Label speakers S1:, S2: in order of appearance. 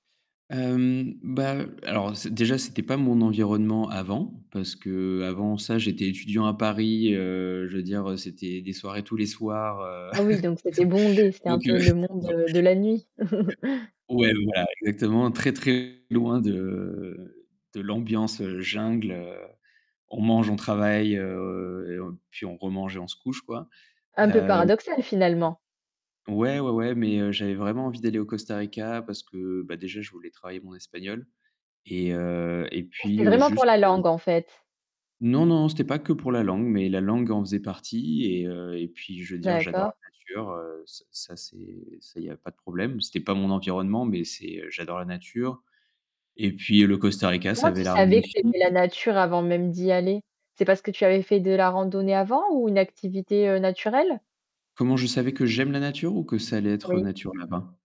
S1: Hem, ben, alors, déjà c'était pas mon environnement avant, parce que avant ça j'étais étudiant à Paris, heu, je veux dire c'était les soirées tous les soirs, heu.
S2: Oui, donc c'était bondé, c'était un
S1: Donc,
S2: peu
S1: heu,
S2: le monde
S1: bon
S2: de de la nuit.
S1: ouais voilà exactement, très très loin de, de l'ambiance jungle, heu, on mange, on travaille, heu, puis on remange et on se couche quoi.
S2: Un peu
S1: Heu
S2: paradoxal finalement?
S1: Ouais ouais ouais mais j'avais vraiment envie d'aller au Costa Rica parce que, ben déjà je voulais travailler mon espagnol, et, heu, et
S2: C'était
S1: puis
S2: vraiment pour
S1: juste
S2: la
S1: heu
S2: langue en fait.
S1: Non, non c'était pas que pour la langue mais la langue en faisait partie et, heu, et puis je veux dire j'adore
S2: D'accord.
S1: la nature, ç ça c'est, ça il y a pas de problème. C'était pas mon environnement mais c'est, j'adore la nature. Et puis le Costa Rica ça
S2: Comment tu
S1: avait l'air
S2: savais que
S1: magnifique.
S2: c'était la nature avant même d'y aller? C'est parce que tu avais fait de la randonnée avant ou une activité, heu, naturelle?
S1: Comment je savais que j'aime la nature ou que ça allait être
S2: Oui.
S1: nature là-bas?